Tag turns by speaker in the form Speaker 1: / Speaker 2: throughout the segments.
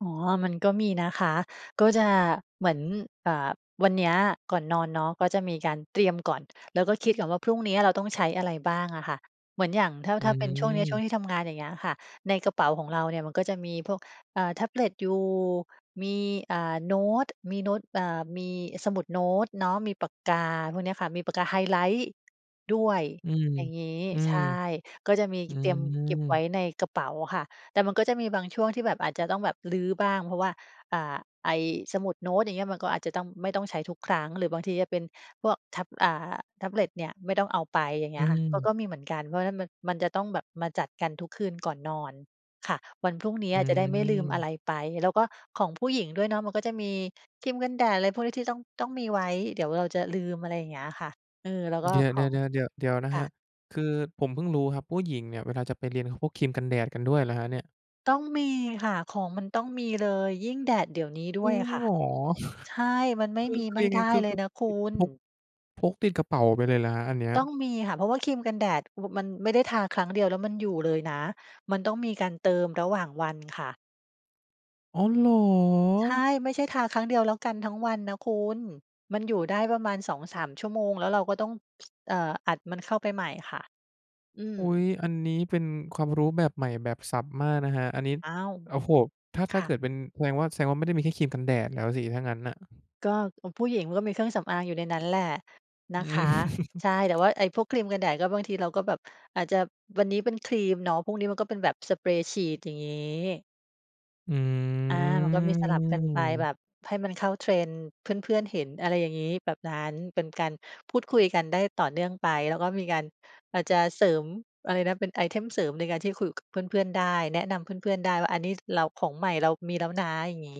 Speaker 1: อ๋อ มันก็มีนะคะ ก็จะเหมือน อ่า วันเนี้ยก่อนนอนเนาะ ก็จะมีการเตรียมก่อน แล้วก็คิดก่อนว่า พรุ่งเนี้ยเราต้องใช้อะไรบ้างอะค่ะ เหมือนอย่างถ้า
Speaker 2: อื
Speaker 1: ถ้าเป็นช่วงเนี้ย ช่ว
Speaker 2: ม
Speaker 1: งที่ทำงานอย่างเงี้ยค่ะ ในกระเป๋าของเราเนี่ยมันก็จะมีพวก อ่า แท็บเล็ตอยู่ มี อ่า โน้ต มีโน้ต อ่า มีสมุดโน้ตเนาะ มีปากกาพวกเนี้ยค่ะ มีปากกาไฮไลต์ด้วย
Speaker 2: อืม
Speaker 1: อย่างงี้
Speaker 2: อื
Speaker 1: ใช
Speaker 2: ม
Speaker 1: ่ ก็จะมี
Speaker 2: อื
Speaker 1: เตรียมเก็บไว้
Speaker 2: ม
Speaker 1: ในกระเป๋าค่ะ แต่มันก็จะมีบางช่วงที่แบบอาจจะต้องแบบรื้อบ้าง เพราะว่า อ่า ไอ้สมุดโน้ต อย่างเงี้ย มันก็อาจจะต้อง ไม่ต้องใช้ทุกครั้ง หรือบางทีจะเป็นพวกแท็บ อ่า แท็บเล็ตเนี่ย ไม่ต้องเอาไป อย่างเง
Speaker 2: อ
Speaker 1: ี
Speaker 2: ื
Speaker 1: ้ยค่ะ ก็
Speaker 2: ม
Speaker 1: ก็มีเหมือนกัน เพราะฉะนั้นมัน มันจะต้องแบบมาจัดกันทุกคืนก่อนนอนค่ะ วันพรุ่งเนี้
Speaker 2: อื
Speaker 1: ยจะได้ไม่ลืมอะไ
Speaker 2: ม
Speaker 1: รไป แล้วก็ของผู้หญิงด้วยเนาะ มันก็จะมีครีมกันแดดอะไรพวกนี้ ที่ต้อง ต้องมีไว้ เดี๋ยวเราจะลืม อะไรอย่างเงี้ยค่ะ เออ แล้วก็
Speaker 2: เดี๋ยว
Speaker 1: ของ
Speaker 2: ๆ ๆ ๆ เดี๋ยวนะ
Speaker 1: ค
Speaker 2: ค
Speaker 1: ่
Speaker 2: รั
Speaker 1: ะ
Speaker 2: บ คือผมเพิ่งรู้ครับ ผู้หญิงเนี่ย เวลาจะไปเรียนเขาพกครีมกันแดดกันด้วยเหรอครับเนี่ย?
Speaker 1: ต้องมีค่ะ ของมันต้องมีเลย ยิ่งแดดเดี๋ยวนี้ด
Speaker 2: จ
Speaker 1: ้
Speaker 2: ร
Speaker 1: ว
Speaker 2: ิ
Speaker 1: ย
Speaker 2: ง
Speaker 1: ค่
Speaker 2: เห
Speaker 1: ะ
Speaker 2: รอ
Speaker 1: ใช่ มันไม่
Speaker 2: คือ
Speaker 1: มี
Speaker 2: คื
Speaker 1: ไ
Speaker 2: อ
Speaker 1: ม่
Speaker 2: ยังไง
Speaker 1: ได้
Speaker 2: คือ
Speaker 1: เล
Speaker 2: คื
Speaker 1: ย
Speaker 2: อ
Speaker 1: นะคุ
Speaker 2: ติด
Speaker 1: ณ
Speaker 2: พก พกติดกระเป๋าไปเลยเหรอครับอันเนี้ย?
Speaker 1: ต้องมีค่ะ เพราะว่าครีมกันแดด โอ้ มันไม่ได้ทาครั้งเดียวแล้วมันอยู่เลยนะ มันต้องมีการเติมระหว่างวันค่ะ
Speaker 2: อ๋อ เหรอ!
Speaker 1: ใช่ ไม่ใช่ทาครั้งเดียวแล้วกันทั้งวันนะคุณ มันอยู่ได้ประมาณ 2-3 ชั่วโมง แล้วเราก็ต้อง ช เอ่อ อัดมันเข้าไปใหม่ค่ะ อื
Speaker 2: อุ๊ย!
Speaker 1: ม
Speaker 2: อันนี้เป็นความรู้แบบใหม่แบบสับมากนะครับ อันนี้
Speaker 1: อ้าว!
Speaker 2: โอ้โฮ! ถ้า
Speaker 1: ค
Speaker 2: ถ้า
Speaker 1: ่
Speaker 2: เก
Speaker 1: ะ
Speaker 2: ิดเป็นแสดงว่า แสดงว่าไม่ได้มีแค่ครีมกันแดดแล้วสิถ้างั้นน่ะ
Speaker 1: ก็ เอ่อ ผู้หญิงก็มีเครื่องสำอางอยู่ในนั้นแหละน
Speaker 2: อ
Speaker 1: ะค
Speaker 2: ื
Speaker 1: ะ ใช
Speaker 2: ม
Speaker 1: ่ แต่ว่าไอ้พวกครีมกันแดดก็บางทีเราก็แบบอาจจะวันนี้เป็นครีมเนาะ พรุ่งนี้มันก็เป็นแบบสเปรย์ฉีด อย่างงี้
Speaker 2: อื
Speaker 1: อา มันก็มีสลับกันไปแบ
Speaker 2: ม
Speaker 1: บให้มันเข้า Trend เพื่อน ๆ เห็น อะไรอย่างงี้ แบบนั้น เป็นการพูดคุยกันได้ต่อเนื่องไป แล้วก็มีการ อาจจะเสริม อะไรนะ เป็นไอเทมเสริมในการที่ ค คุยกับเพื่อน ๆ ได้ แนะนำเพื่อน ๆ ได้ว่าอันนี้เราของใหม่ เรามีแล้วนะ อย่างงี้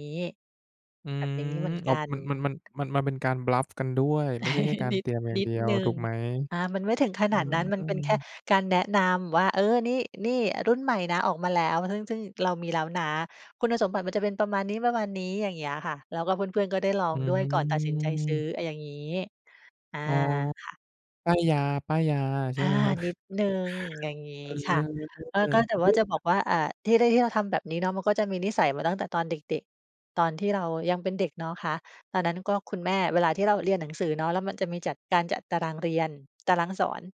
Speaker 2: อื
Speaker 1: แบบ
Speaker 2: ม
Speaker 1: อย่างนี้เหมือน
Speaker 2: อ๋
Speaker 1: ก
Speaker 2: อ
Speaker 1: ัน
Speaker 2: มัน มัน มัน-มัน มันเป็นการ บลัฟ กันด้วย ไม่ใช่แค่การ
Speaker 1: นิ
Speaker 2: เต
Speaker 1: ด
Speaker 2: รียมอย่า
Speaker 1: น
Speaker 2: ง
Speaker 1: ิ
Speaker 2: เด
Speaker 1: ด
Speaker 2: ียว
Speaker 1: หนึ่
Speaker 2: ถู
Speaker 1: ง
Speaker 2: กไหม?
Speaker 1: อ่า มันไม่ถึงข
Speaker 2: อ
Speaker 1: น
Speaker 2: า
Speaker 1: าดนั้น มันเป็นแค่
Speaker 2: ๆ
Speaker 1: การแนะนำว่า "เออ นี่ นี่รุ่นใหม่นะออกมาแล้ว" ซึ่ง ซึ่งเรามีแล้วนะ คุณสมบัติมันจะเป็นประมาณนี้ ๆ อย่างเงี้ยค่ะ แล้วก็เพื่อน ๆ ก็ได้ลอ
Speaker 2: อื
Speaker 1: งด้วยก่อนตัดสินใจซื้
Speaker 2: ม
Speaker 1: ออะ อย่างงี้ อา
Speaker 2: อ๋อ
Speaker 1: ค่ะ
Speaker 2: ป้ายยา ป้ายยาใช
Speaker 1: อ
Speaker 2: ่
Speaker 1: า
Speaker 2: ไหมครับ?
Speaker 1: นิดหนึ่ง อย่างงี้
Speaker 2: เออ
Speaker 1: ค่ะ เอ่อ ก็แต่ว
Speaker 2: อุ
Speaker 1: ่า
Speaker 2: ๊ย!
Speaker 1: จะบอกว่า อ่า ที่ได้ ที่เราทำแบบนี้เนาะ มันก็จะมีนิสัยมาตั้งแต่ตอนเด็ก ๆ ตอนที่เรายังเป็นเด็กเนาะคะ ตอนนั้นก็คุณแม่ เวลาที่เราเรียนหนังสือเนาะ แล้วมันจะมีจัด การจัดตารางเรียน ตารางสอน